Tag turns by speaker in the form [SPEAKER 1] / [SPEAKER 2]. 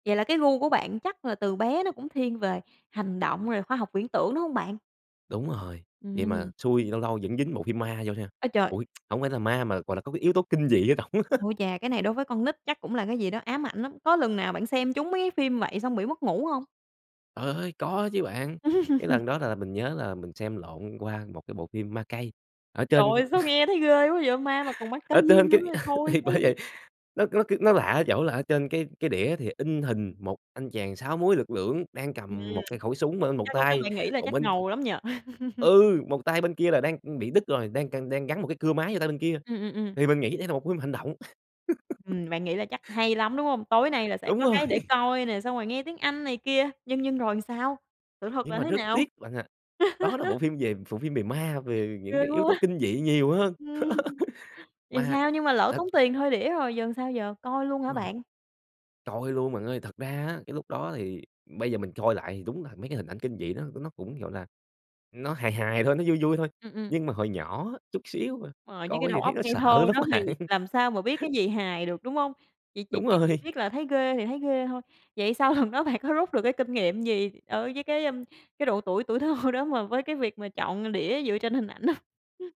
[SPEAKER 1] Vậy là cái gu của bạn chắc là từ bé nó cũng thiên về hành động rồi khoa học viễn tưởng, đúng hông bạn?
[SPEAKER 2] Đúng rồi. Vậy mà
[SPEAKER 1] Ừm.
[SPEAKER 2] xui, lâu lâu vẫn dính bộ phim ma vô nha,
[SPEAKER 1] Ơi, trời!
[SPEAKER 2] ui, hổng phải là ma mà, gọi là, có cái yếu tố kinh dị ở trỏng á.
[SPEAKER 1] Ôi chà, cái này đối với con nít chắc cũng là cái gì đó ám ảnh lắm. Có lần nào bạn xem trúng mấy cái phim vậy xong bị mất ngủ hông?
[SPEAKER 2] Trời ơi! Có chứ bạn! Cái lần đó là là mình nhớ là mình xem lộn qua một cái bộ phim Ma Cây ở
[SPEAKER 1] Trời
[SPEAKER 2] trên
[SPEAKER 1] ơi, sao nghe thấy ghê quá vậy? Ma mà còn ma cây
[SPEAKER 2] ở trên
[SPEAKER 1] nữa
[SPEAKER 2] cái
[SPEAKER 1] thì thôi
[SPEAKER 2] thì bởi
[SPEAKER 1] chứ!
[SPEAKER 2] vậy. Nó nó c nó lạ ở chỗ là ở trên cái cái đĩa thì in hình 1 anh chàng 6 múi lực lưỡng đang
[SPEAKER 1] Ừm.
[SPEAKER 2] cầm một cái khẩu súng bên một
[SPEAKER 1] Chắc lúc đó
[SPEAKER 2] tay,
[SPEAKER 1] bạn nghĩ là
[SPEAKER 2] còn
[SPEAKER 1] chắc
[SPEAKER 2] bên c
[SPEAKER 1] ngầu lắm nhỉ?
[SPEAKER 2] Ừ! Một tay bên kia là đang, ừm, bị đứt rồi, đang c đang gắn một cái cưa máy vô tay bên kia,
[SPEAKER 1] Ừm, ừm, ừm.
[SPEAKER 2] thì mình nghĩ đây là một phim hành động.
[SPEAKER 1] Ừm, bạn nghĩ là chắc hay lắm, đúng hông? Tối nay là sẽ
[SPEAKER 2] Đúng
[SPEAKER 1] có cái để
[SPEAKER 2] rồi!
[SPEAKER 1] coi nè, xong rồi nghe tiếng Anh này kia, nhưng nhưng rồi sao? Sự thật
[SPEAKER 2] Nhưng
[SPEAKER 1] là
[SPEAKER 2] mà
[SPEAKER 1] thế
[SPEAKER 2] rất
[SPEAKER 1] nào?
[SPEAKER 2] tiếc bạn ạ, đó là bộ phim về bộ phim về ma, về
[SPEAKER 1] Ghê
[SPEAKER 2] những cái yếu tố
[SPEAKER 1] quá!
[SPEAKER 2] kinh dị nhiều hơn.
[SPEAKER 1] Ừm. Thì
[SPEAKER 2] Ma,
[SPEAKER 1] sao? Nhưng mà lỡ
[SPEAKER 2] tức
[SPEAKER 1] tốn tiền thuê đĩa rồi, giờ sao giờ, coi luôn hả
[SPEAKER 2] Đúng rồi.
[SPEAKER 1] bạn?
[SPEAKER 2] Coi luôn bạn ơi! Thật ra á, cái lúc đó thì bây giờ mình coi lại thì đúng là mấy cái hình ảnh kinh dị đó nó cũng, gọi là, nó hài hài thôi, nó vui vui thôi.
[SPEAKER 1] Ừm, ừm.
[SPEAKER 2] Nhưng mà hồi nhỏ á, chút xíu mà,
[SPEAKER 1] Rồi, với cái
[SPEAKER 2] coi
[SPEAKER 1] đầu
[SPEAKER 2] thì thấy
[SPEAKER 1] óc
[SPEAKER 2] nó
[SPEAKER 1] ngây thơ
[SPEAKER 2] sợ lắm
[SPEAKER 1] đó thì
[SPEAKER 2] bạn!
[SPEAKER 1] làm sao mà biết cái gì hài được, đúng hông? Chỉ chỉ
[SPEAKER 2] Đúng
[SPEAKER 1] chỉ chỉ
[SPEAKER 2] rồi.
[SPEAKER 1] biết là thấy ghê thì thấy ghê thôi. Vậy sau lần đó bạn có rút được cái kinh nghiệm gì ở với cái cái độ tuổi tuổi thơ đó mà với cái việc mà chọn đĩa dựa trên hình ảnh hông?